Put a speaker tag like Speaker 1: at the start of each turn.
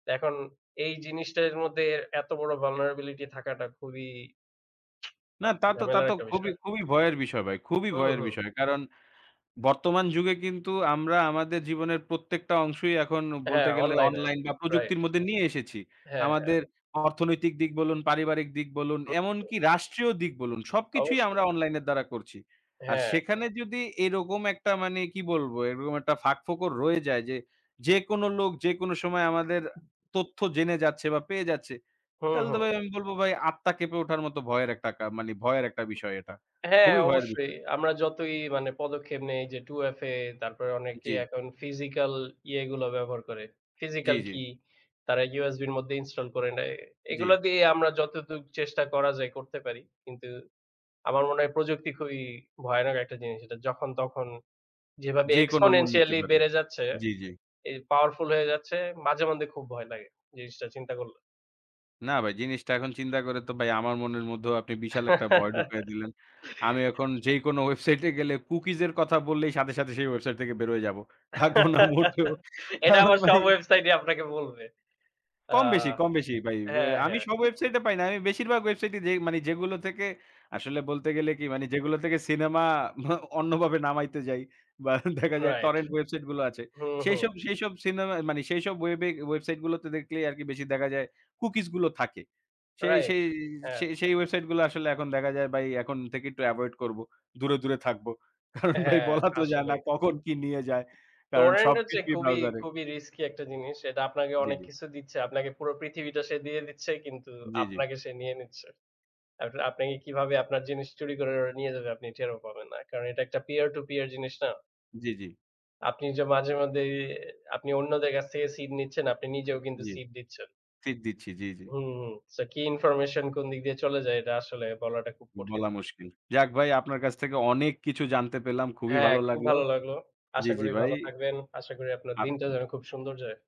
Speaker 1: এখন এই জিনিসটার মধ্যে এত বড় vulnerability থাকাটা খুবই।
Speaker 2: না,
Speaker 1: আ
Speaker 2: তা তো, তা
Speaker 1: ঝামেলার
Speaker 2: তো
Speaker 1: একটা
Speaker 2: খুবই,
Speaker 1: বিষয়।
Speaker 2: খুবই ভয়ের বিষয় ভাই। খুবই
Speaker 1: হু,
Speaker 2: ভয়ের
Speaker 1: হু।
Speaker 2: বিষয়। কারণ বর্তমান যুগে কিন্তু আমরা আমাদের জীবনের প্রত্যেকটা অংশই এখন বলতে
Speaker 1: হ্যাঁ,
Speaker 2: গেলে
Speaker 1: অনলাইনে।
Speaker 2: অনলাইন বা
Speaker 1: Right.
Speaker 2: প্রযুক্তির মধ্যে নিয়ে এসেছি।
Speaker 1: হ্যাঁ, হ্যাঁ।
Speaker 2: আমাদের অর্থনৈতিক দিক বলুন, পারিবারিক দিক বলুন,
Speaker 1: হু, হু।
Speaker 2: এমনকি রাষ্ট্রীয় দিক বলুন সবকিছুই আমরা
Speaker 1: অবশ্যই।
Speaker 2: অনলাইনের দ্বারা করছি। আর
Speaker 1: হ্যাঁ।
Speaker 2: সেখানে যদি এরকম একটা মানে কি বলব, এরকম একটা ফাঁকফোকর রয়ে যায় যে যেকোনো লোক যেকোনো সময় আমাদের তথ্য জেনে যাচ্ছে, বা পেয়ে যাচ্ছে।
Speaker 1: হু,
Speaker 2: তাহলে তো
Speaker 1: হু।
Speaker 2: ভাই আমি বলব ভাই আত্মা কেঁপে ওঠার মত ভয়ের একটা কা মানে ভয়ের একটা বিষয় এটা।
Speaker 1: হ্যাঁ,
Speaker 2: খুবই ভয়ের
Speaker 1: অবশ্যই।
Speaker 2: বিষয়।
Speaker 1: আমরা যতই মানে পদক্ষেপ নেই যে 2FA তারপরে অনেকে
Speaker 2: জি।
Speaker 1: এখন physical ইয়েগুলো ব্যবহার করে।
Speaker 2: জি,
Speaker 1: Physical
Speaker 2: জি।
Speaker 1: key তারা USB র মধ্যে install করে নেয়। এগুলা
Speaker 2: জি।
Speaker 1: দিয়ে আমরা যতটুকু চেষ্টা করা যায় করতে পারি। কিন্তু আমার মনে হয় প্রযুক্তি খুবই ভয়ানক একটা জিনিস। এটা যখন তখন যেভাবে
Speaker 2: যেকোনো মূল্য দিতে
Speaker 1: exponentially
Speaker 2: পারি।
Speaker 1: বেড়ে যাচ্ছে,
Speaker 2: জি, জি।
Speaker 1: এই powerful হয়ে যাচ্ছে, মাঝে মধ্যে খুব ভয় লাগে, জিনিসটা চিন্তা করলে।
Speaker 2: না ভাই, জিনিসটা এখন চিন্তা করে তো ভাই আমার মনের মধ্যেও আপনি বিশাল একটা ভয় ঢুকাইয়া দিলেন। আমি এখন যেই কোন ওয়েবসাইটে গেলে cookies কথা বললেই সাথে সাথে সেই ওয়েবসাইট থেকে বের হয়ে যাব। থাকব না মোটেও।
Speaker 1: এটা
Speaker 2: কারণ
Speaker 1: আমার
Speaker 2: ভাই
Speaker 1: সব ওয়েবসাইটই আপনাকে বলবে। অ্যা
Speaker 2: কম বেশি, কম বেশি ভাই।
Speaker 1: হ্যাঁ,
Speaker 2: আমি
Speaker 1: হ্যাঁ।
Speaker 2: সব ওয়েবসাইটে পাই না। আমি বেশিরভাগ ওয়েবসাইটে যে মানে যেগুলো থেকে আসলে বলতে গেলে কি মানে যেগুলো থেকে সিনেমা অন্যভাবে নামাইতে যাই বা দেখা যায়
Speaker 1: Right।
Speaker 2: টরেন্ট ওয়েবসাইটগুলো আছে
Speaker 1: হুম, হুম।
Speaker 2: সেইসব সেইসব সিনেমা মানে সেইসব ওয়েবে ওয়েবসাইট গুলোতে দেখলেই আরকি বেশি দেখা যায় কুকিজগুলো থাকে। সেই
Speaker 1: Right।
Speaker 2: সেই
Speaker 1: হ্যাঁ।
Speaker 2: সেই সেই ওয়েবসাইটগুলো আসলে এখন দেখা যায় ভাই এখন থেকে একটু অ্যাভয়েড করব। দূরে, দূরে থাকব। কারণ ভাই
Speaker 1: হ্যাঁ,
Speaker 2: বলা তো যায় না
Speaker 1: আসলেই।
Speaker 2: কখন কি নিয়ে যায়। কারণ
Speaker 1: Torrent হচ্ছে
Speaker 2: সবকিছুই
Speaker 1: খুবই,
Speaker 2: ব্রাউজারে।
Speaker 1: খুবই risky একটা জিনিস। এটা আপনাকে
Speaker 2: জি,
Speaker 1: অনেক
Speaker 2: জি।
Speaker 1: কিছু দিচ্ছে, আপনাকে পুরো পৃথিবীটা সে দিয়ে দিচ্ছে কিন্তু
Speaker 2: জি, জি।
Speaker 1: আপনাকে সে নিয়ে নিচ্ছে। [unintelligible] আপনাকে কিভাবে আপনার জিনিস চুরি করে ওটা নিয়ে যাবে আপনি টেরও পাবেন না। কারণ এটা একটা peer to peer জিনিস না।
Speaker 2: জি, জি।
Speaker 1: আপনি যে মাঝে মধ্যেই আপনি অন্যদের কাছ থেকে seed নিচ্ছেন, আপনি নিজেও কিন্তু
Speaker 2: জি।
Speaker 1: seed দিচ্ছেন।
Speaker 2: seed দিচ্ছি। জি, জি।
Speaker 1: হুম হুম। So কি information কোন দিক দিয়ে চলে যায় এটা আসলে বলাটা খুব কঠিন।
Speaker 2: বলা মুশকিল। যাক ভাই, আপনার কাছ থেকে অনেক কিছু জানতে পেলাম। খুবই
Speaker 1: হ্যাঁ,
Speaker 2: ভালো
Speaker 1: খুব
Speaker 2: লাগলো।
Speaker 1: ভালো লাগলো।
Speaker 2: জি,
Speaker 1: আশা
Speaker 2: জি
Speaker 1: করি
Speaker 2: ভাই।
Speaker 1: ভালো থাকবেন। আশা করি আপনার
Speaker 2: আপ
Speaker 1: দিনটা যেন খুব সুন্দর যায়।